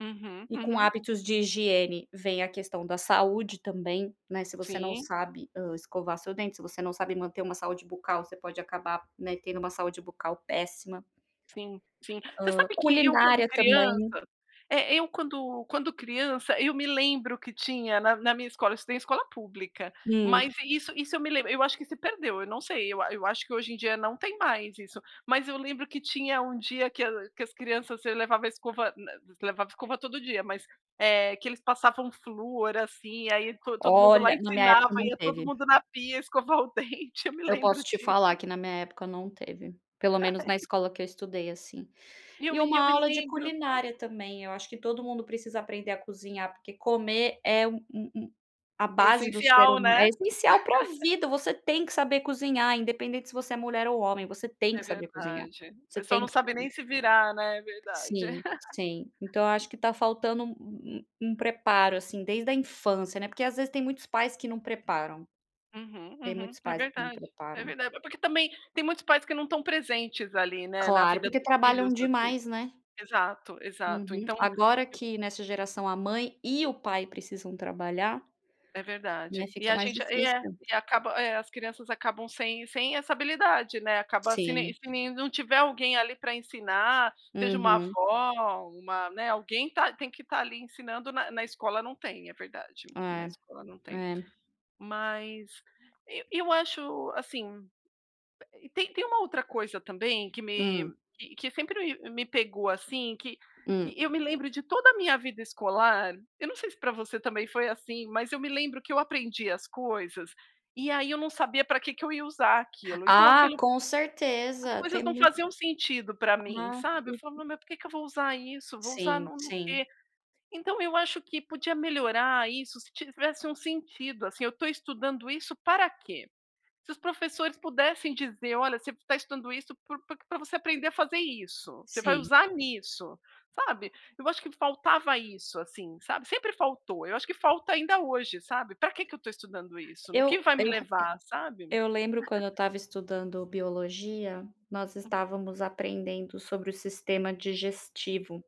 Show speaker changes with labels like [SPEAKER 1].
[SPEAKER 1] Uhum,
[SPEAKER 2] E com
[SPEAKER 1] uhum.
[SPEAKER 2] hábitos de higiene vem a questão da saúde também, né, se você não
[SPEAKER 1] Sim.
[SPEAKER 2] sabe, ah, escovar seu dente, se você não sabe manter uma saúde bucal, você pode acabar, né, tendo uma saúde bucal péssima.
[SPEAKER 1] Sim, sim. Você
[SPEAKER 2] Hã,
[SPEAKER 1] sabe que eu quando
[SPEAKER 2] culinária também.
[SPEAKER 1] criança, eh, eu quando quando criança, eu me lembro que tinha na na minha escola, eu estudei em escola pública,
[SPEAKER 2] Hum.
[SPEAKER 1] mas isso isso eu me lembro, eu acho que se perdeu, eu não sei, eu a eu acho que hoje em dia não tem mais isso. Mas eu lembro que tinha um dia que a que as crianças levava a escova, na levava escova todo dia, mas, eh, que eles passavam flúor assim, aí todo mundo lá
[SPEAKER 2] Olha, na minha
[SPEAKER 1] ensinava,
[SPEAKER 2] época não
[SPEAKER 1] ia todo
[SPEAKER 2] teve.
[SPEAKER 1] mundo na pia escovar o dente, eu me
[SPEAKER 2] Eu
[SPEAKER 1] lembro
[SPEAKER 2] posso te falar
[SPEAKER 1] disso.
[SPEAKER 2] que na minha época não teve, pelo menos na escola que eu estudei, assim.
[SPEAKER 1] E eu
[SPEAKER 2] E
[SPEAKER 1] e
[SPEAKER 2] uma
[SPEAKER 1] eu me
[SPEAKER 2] aula de
[SPEAKER 1] lembro.
[SPEAKER 2] culinária também, eu acho que todo mundo precisa aprender a cozinhar, porque comer é um um a
[SPEAKER 1] É
[SPEAKER 2] base do ser
[SPEAKER 1] essencial,
[SPEAKER 2] hum
[SPEAKER 1] né.
[SPEAKER 2] é essencial para vida, você tem que saber cozinhar, independente se você é mulher ou homem, você tem
[SPEAKER 1] É
[SPEAKER 2] que saber cozinhar,
[SPEAKER 1] verdade. O
[SPEAKER 2] você
[SPEAKER 1] pessoal
[SPEAKER 2] tem
[SPEAKER 1] não
[SPEAKER 2] precisa
[SPEAKER 1] sabe
[SPEAKER 2] comer.
[SPEAKER 1] nem se virar, né. É verdade.
[SPEAKER 2] Sim, sim. Então eu acho que tá faltando um um preparo assim desde a infância, né, porque às vezes tem muitos pais que não preparam,
[SPEAKER 1] Uhum,
[SPEAKER 2] tem
[SPEAKER 1] uhum,
[SPEAKER 2] muitos
[SPEAKER 1] é
[SPEAKER 2] pais que não
[SPEAKER 1] verdade, é
[SPEAKER 2] preparam.
[SPEAKER 1] verdade, porque também tem muitos pais que não estão presentes ali, né, na
[SPEAKER 2] Claro,
[SPEAKER 1] vida
[SPEAKER 2] porque
[SPEAKER 1] dos filhos
[SPEAKER 2] trabalham
[SPEAKER 1] assim.
[SPEAKER 2] demais, né.
[SPEAKER 1] Exato, exato
[SPEAKER 2] Uhum.
[SPEAKER 1] então
[SPEAKER 2] Agora
[SPEAKER 1] eu
[SPEAKER 2] que nessa geração a mãe e o pai precisam trabalhar,
[SPEAKER 1] É
[SPEAKER 2] né,
[SPEAKER 1] verdade. E
[SPEAKER 2] fica
[SPEAKER 1] a
[SPEAKER 2] mais
[SPEAKER 1] gente, e é
[SPEAKER 2] difícil.
[SPEAKER 1] e acaba é as crianças acabam sem sem essa habilidade, né, acaba se ne
[SPEAKER 2] Sim.
[SPEAKER 1] se não tiver alguém ali para ensinar, seja uma
[SPEAKER 2] Uhum.
[SPEAKER 1] avó, uma né, alguém está tem que estar ali ensinando, na na escola não tem, é verdade. Na
[SPEAKER 2] É,
[SPEAKER 1] escola não tem.
[SPEAKER 2] é.
[SPEAKER 1] Mas, e eu acho, assim, tem tem uma outra coisa também que me
[SPEAKER 2] Hum.
[SPEAKER 1] que sempre m me pegou, assim, que que
[SPEAKER 2] Hum.
[SPEAKER 1] eu me lembro de toda a minha vida escolar, eu não sei se para você também foi assim, mas eu me lembro que eu aprendia as coisas, e aí eu não sabia pra que que eu ia usar aquilo, então
[SPEAKER 2] Ah,
[SPEAKER 1] aquilo
[SPEAKER 2] com
[SPEAKER 1] as
[SPEAKER 2] certeza,
[SPEAKER 1] coisas
[SPEAKER 2] tem
[SPEAKER 1] não
[SPEAKER 2] muito
[SPEAKER 1] faziam sentido pra mim,
[SPEAKER 2] Ah
[SPEAKER 1] sabe eu falo: "Me
[SPEAKER 2] [unintelligible]
[SPEAKER 1] mas por que que eu vou usar isso? Vou usar
[SPEAKER 2] Sim,
[SPEAKER 1] não no no quê?".
[SPEAKER 2] sim.
[SPEAKER 1] Então eu acho que podia melhorar isso se tivesse um sentido, assim, eu estou estudando isso para quê? Se os professores pudessem dizer olha, você está estudando isso por por que você aprender a fazer isso, você vai
[SPEAKER 2] Sim.
[SPEAKER 1] usar nisso, sabe. Eu acho que faltava isso, assim, sabe, sempre faltou, eu acho que falta ainda hoje, sabe, para que que eu estou estudando isso? No
[SPEAKER 2] Eu
[SPEAKER 1] que vai me
[SPEAKER 2] eu
[SPEAKER 1] levar, sabe.
[SPEAKER 2] eu lembro quando eu estava estudando biologia, nós
[SPEAKER 1] Hum.
[SPEAKER 2] estávamos aprendendo sobre o sistema digestivo.